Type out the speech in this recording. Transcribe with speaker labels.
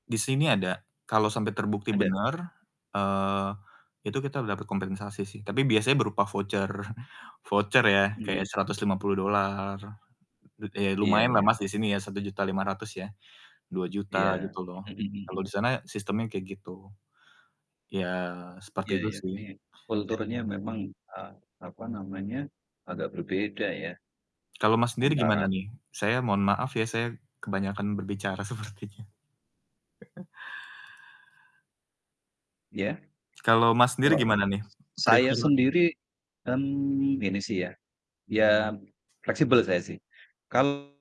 Speaker 1: Di sini ada kalau sampai terbukti
Speaker 2: Ada.
Speaker 1: bener, eee, itu kita dapat kompensasi sih tapi biasanya berupa voucher, voucher ya kayak
Speaker 2: Mmm.
Speaker 1: $150. Eee, ya
Speaker 2: Iya
Speaker 1: lumayan lah
Speaker 2: iya.
Speaker 1: Mas di sini ya, Rp1.500.000 ya Rp2.000.000
Speaker 2: Iya.
Speaker 1: gitu loh,
Speaker 2: Mhm
Speaker 1: kalau
Speaker 2: mhm.
Speaker 1: di sana sistemnya kayak gitu. Ya seperti
Speaker 2: Ya
Speaker 1: itu
Speaker 2: ya
Speaker 1: sih.
Speaker 2: ini
Speaker 1: [unintelligible]
Speaker 2: kulturnya memang a apa namanya, agak berbeda ya
Speaker 1: Kalau Mas sendiri gimana
Speaker 2: antara
Speaker 1: nih? Saya mohon maaf ya, saya kebanyakan berbicara sepertinya.
Speaker 2: Ya
Speaker 1: Kalau mas sendiri
Speaker 2: kalau
Speaker 1: gimana nih?
Speaker 2: s saya
Speaker 1: Prefer
Speaker 2: sendiri, kan, gini sih ya, ya fleksibel saya sih kal